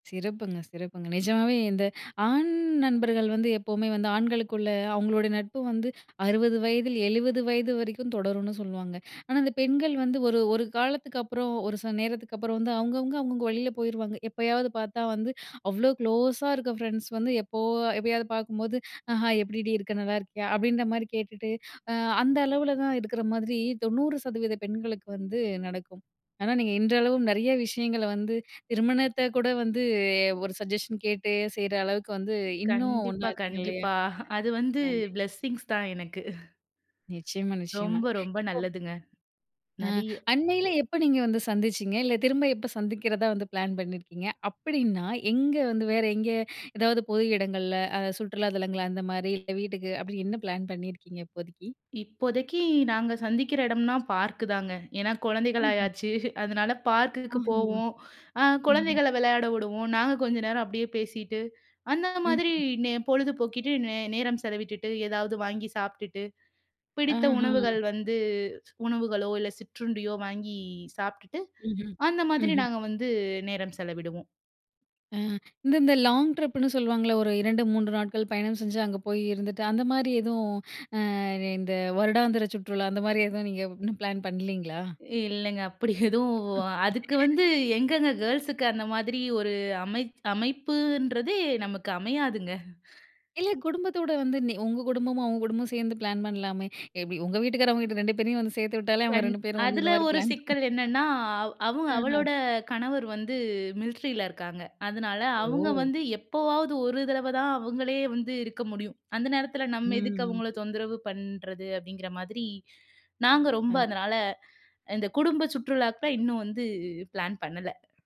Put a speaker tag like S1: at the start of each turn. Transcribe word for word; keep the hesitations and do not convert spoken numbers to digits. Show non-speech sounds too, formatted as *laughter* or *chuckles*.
S1: சிறப்புங்க, சிறப்புங்க. நிஜமாவே இந்த ஆண் நண்பர்கள் வந்து எப்பவுமே வந்து, ஆண்களுக்குள்ள அவுங்களோட நட்பு வந்து அறுவது வயதில் எழுவது வயது வரைக்கும் தொடரும்ன்னு சொல்லுவாங்க. ஆனா, அந்த பெண்கள் வந்து ஒரு ஒரு காலத்துக்கப்புறம், ஒரு சில நேரத்துக்கப்புறம் வந்து அவுங்கவுங்க அவங்கவங்க வழியில போயிருவாங்க. எப்பயாவது பார்த்தா வந்து, அவ்வளோ க்ளோஸா இருக்க ஃபரெண்ட்ஸ் வந்து எப்போ எப்போயாவது பார்க்கும்போது, "அ ஹாய் எப்படிடி இருக்க? நல்லா இருக்கியா?" அப்படீன்ற மாரி கேட்டுட்டு, அ அந்த அளவுல தான் இருக்கிற மாதிரி தொண்ணூறு சதவீத பெண்களுக்கு வந்து நடக்கும். ஆனா, நீங்க இன்றளவும் நெறைய விஷயங்களை வந்து, திருமணத்தை கூட வந்து ஒரு சஜஷன் கேட்டு செய்ற அளவுக்கு வந்து, இன்னும் ஒன்னா
S2: கண்டிப்பா,
S1: இருக்கீங்க இல்லையா?
S2: கண்டிப்பா. *chuckles* அது வந்து
S1: *unintelligible*
S2: பிளெஸ்ஸிங்ஸ் தான் எனக்கு. *chuckles*
S1: நிச்சயமா, நிச்சயமா.
S2: ரொம்ப, ரொம்ப
S1: இப்போ
S2: நல்லதுங்க.
S1: அ.
S2: நெறைய.
S1: அண்மையில எப்ப நீங்க வந்து சந்திச்சீங்க? இல்லை, திரும்ப எப்ப சந்திக்கிறதா வந்து பிளான் பண்ணியிருக்கீங்க? அப்படீன்னா, எங்க வந்து வேற எங்க? எதாவது பொது இடங்கள்ல, அ சுற்றுலா தளங்கள் அந்த மாரி இல்ல வீட்டுக்கு, அப்படி என்ன பிளான் பண்ணியிருக்கீங்க இப்போதைக்கு?
S2: இப்போதைக்கு நாங்க சந்திக்கிற இடம்ன்னா பார்க் தாங்க. ஏன்னா கொழந்தைகள்
S1: *unintelligible*
S2: ஆயாச்சு. *chuckles* அதனால பார்க்குக்கு
S1: *unintelligible*
S2: போவோம். அ
S1: ம்ஹ்ம்.
S2: குழந்தைகள விளையாட விடுவோம். நாங்க கொஞ்ச நேரம் அப்படியே பேசிட்டு, அந்த மாதிரி
S1: ம்ஹ்ம்.
S2: நே பொழுது போக்கிட்டு நே நேரம் செலவிட்டுட்டு, ஏதாவது வாங்கி சாப்பிட்டுட்டு பிடித்த
S1: அஹா.
S2: உணவுகள் வந்து உணவுகளோ, இல்ல சிற்றுண்டியோ வாங்கி சாப்பிட்டுட்டு
S1: ம்ஹ்ம்.
S2: அந்த மாதிரி
S1: ம்ஹ்ம்.
S2: நாங்க வந்து நேரம் செலவிடுவோம்.
S1: அ இந்த இந்த லாங் ட்ரிப்புன்னு சொல்லுவாங்கல்ல. ஒரு இரண்டு, மூன்று நாட்கள் பயணம் செஞ்சு அங்க போய் இருந்துட்டு, அந்த மாரி எதுவும் அ இந்த வருடாந்திர சுற்றுலா அந்த மாரி எதுவும் நீங்க இன்னும் பிளான் பண்ணலீங்களா?
S2: இல்லைங்க. அப்படி எதுவும் அதுக்கு
S1: *laughs*
S2: வந்து எங்கங்க, கேள்ஸுக்கு அந்த மாதிரி ஒரு அமை அமைப்புன்றதே நமக்கு அமையாதுங்க.
S1: இல்ல குடும்பத்தோட வந்து நீ உங்க குடும்பமும், அவங்க குடும்பமும் சேர்ந்து பிளான் பண்ணலாமே. எப்படி உங்கள் வீட்டுக்காரர் அவங்க வீட்டுக்காரர் ரெண்டு பேரையும் வந்து சேர்த்து விட்டாலே, அவங்க
S2: கண்
S1: ரெண்டு பேரும் வந்து இந்த
S2: அதுல
S1: மாரி
S2: ஒரு
S1: பிளான்
S2: சிக்கல் என்னன்னா, அவ் அவங்க
S1: *unintelligible* அஹா.
S2: அவளோட கணவர் வந்து மிலிட்ரில இருக்காங்க. அதனால அவுங்க
S1: ஓ!
S2: வந்து எப்போவாவது ஒரு தடவை தான் அவுங்களே வந்து இருக்க முடியும். அந்த நேரத்தில,
S1: ம்,
S2: "நம்ம எதுக்கு அவுங்கள
S1: ம்.
S2: தொந்தரவு பண்றது?" அப்படீங்கிற மாதிரி. நாங்க ரொம்ப
S1: அ.
S2: அதனால, இந்த குடும்ப சுற்றுலாக்கு இன்னும் வந்து பிளான் பண்ணல.